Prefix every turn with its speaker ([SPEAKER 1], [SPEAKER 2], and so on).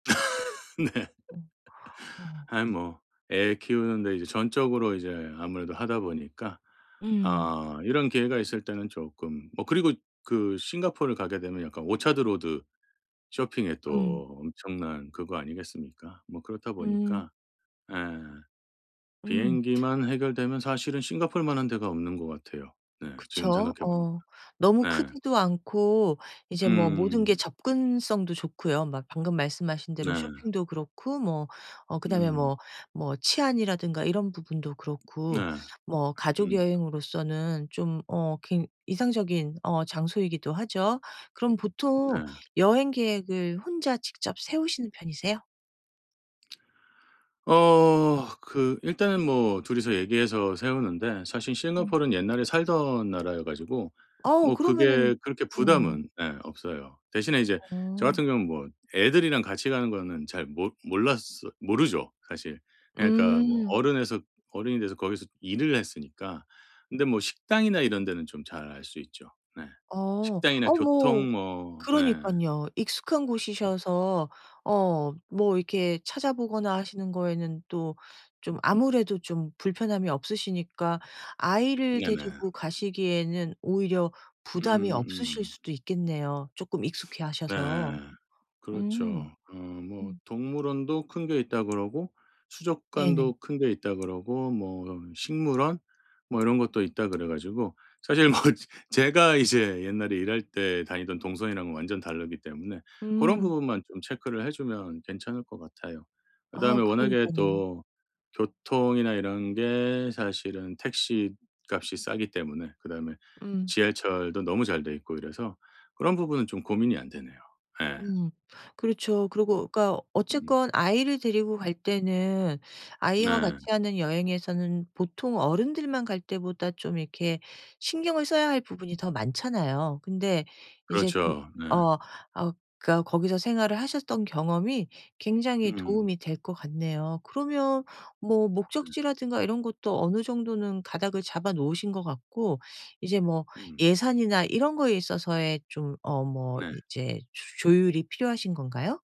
[SPEAKER 1] 네.
[SPEAKER 2] 음. 어.
[SPEAKER 1] 아이 뭐 애 키우는데 이제 전적으로 이제 아무래도 하다 보니까
[SPEAKER 2] 음.
[SPEAKER 1] 어 이런 기회가 있을 때는 쪼끔 뭐 그리고 그 싱가포르를 가게 되면 약간 오차드 로드 쇼핑에
[SPEAKER 2] 음.
[SPEAKER 1] 또 엄청난 그거 아니겠습니까? 뭐 그렇다
[SPEAKER 2] 음.
[SPEAKER 1] 보니까 예
[SPEAKER 2] 음.
[SPEAKER 1] 비행기만 해결되면 사실은 싱가포르만한 데가 없는 것 같아요 네 지금
[SPEAKER 2] 그쵸.
[SPEAKER 1] 생각해 보니까.
[SPEAKER 2] 어 너무
[SPEAKER 1] 네.
[SPEAKER 2] 크지도 않고 이제 뭐 모든 게
[SPEAKER 1] 음.
[SPEAKER 2] 접근성도 좋고요. 막 방금 말씀하신 대로
[SPEAKER 1] 네.
[SPEAKER 2] 쇼핑도 그렇고 뭐 어 그다음에
[SPEAKER 1] 음.
[SPEAKER 2] 뭐 뭐 치안이라든가 이런 부분도
[SPEAKER 1] 네.
[SPEAKER 2] 그렇고 뭐
[SPEAKER 1] 음.
[SPEAKER 2] 가족여행으로서는 좀 어 굉 이상적인 어 장소이기도 하죠. 그럼 보통
[SPEAKER 1] 네.
[SPEAKER 2] 여행 계획을 혼자 직접 세우시는 편이세요?
[SPEAKER 1] 어 그 일단은 뭐 둘이서 얘기해서 세우는데 사실
[SPEAKER 2] 음.
[SPEAKER 1] 싱가포르는 옛날에 살던 나라여 가지고
[SPEAKER 2] 아오
[SPEAKER 1] 뭐
[SPEAKER 2] 그러면은
[SPEAKER 1] 그게 그렇게
[SPEAKER 2] 응.
[SPEAKER 1] 부담은 네 없어요. 대신에 이제 저
[SPEAKER 2] 응.
[SPEAKER 1] 같은 경우는 뭐 애들이랑 같이 가는 거는 잘 못 몰랐어 모르죠 사실. 그러니까 뭐
[SPEAKER 2] 음.
[SPEAKER 1] 어른에서 어른이 돼서 거기서 일을 했으니까. 근데 뭐 식당이나 이런 데는 좀 잘 알 수 있죠. 네
[SPEAKER 2] 어.
[SPEAKER 1] 식당이나
[SPEAKER 2] 어 뭐
[SPEAKER 1] 교통 뭐 네.
[SPEAKER 2] 그러니깐요. 익숙한 곳이셔서 어 뭐 이렇게 찾아보거나 하시는 거에는 또 좀 아무래도 좀 불편함이 없으시니까 아이를
[SPEAKER 1] 네네.
[SPEAKER 2] 데리고 가시기에는 오히려 부담이 없으실
[SPEAKER 1] 음음음.
[SPEAKER 2] 수도 있겠네요 쪼끔
[SPEAKER 1] 네
[SPEAKER 2] 익숙해하셔서. 음
[SPEAKER 1] 그렇죠. 어 뭐
[SPEAKER 2] 음.
[SPEAKER 1] 동물원도 큰 게 있다 그러고
[SPEAKER 2] 네네.
[SPEAKER 1] 수족관도 큰 게 있다 그러고 뭐 식물원 뭐 이런 것도 있다 그래 가지고 사실 뭐 제가 이제 옛날에 일할 때 다니던 동선이랑은 완전 다르기 때문에 그런
[SPEAKER 2] 음.
[SPEAKER 1] 부분만 좀 체크를 해 주면 괜찮을 것 같아요. 그다음에
[SPEAKER 2] 아우
[SPEAKER 1] 워낙에
[SPEAKER 2] 그러니깐요.
[SPEAKER 1] 또 교통이나 이런 게 사실은 택시값이 싸기 때문에 그다음에
[SPEAKER 2] 음.
[SPEAKER 1] 지하철도 너무 잘 돼 있고 이래서 그런 부분은 좀 고민이 안 되네요. 예.
[SPEAKER 2] 음 그렇죠.
[SPEAKER 1] 음.
[SPEAKER 2] 그러고 그러니까
[SPEAKER 1] 음.
[SPEAKER 2] 어쨌건 아이를 데리고 갈 때는 아이와 같이
[SPEAKER 1] 네.
[SPEAKER 2] 하는 여행에서는 보통 어른들만 갈 때보다 좀 이렇게 신경을 써야 할 부분이 더 많잖아요. 근데 이제 좀
[SPEAKER 1] 그렇죠. 네.
[SPEAKER 2] 어 어 그러니까 거기서 생활을 하셨던 경험이 굉장히
[SPEAKER 1] 음.
[SPEAKER 2] 도움이 될 것 같네요. 그러면 뭐
[SPEAKER 1] 네.
[SPEAKER 2] 목적지라든가 이런 것도 어느 정도는 가닥을 잡아 놓으신 것 같고 이제 뭐
[SPEAKER 1] 음.
[SPEAKER 2] 예산이나 이런 거에 있어서의 좀 어 뭐
[SPEAKER 1] 네.
[SPEAKER 2] 이제 조 조율이 필요하신 건가요?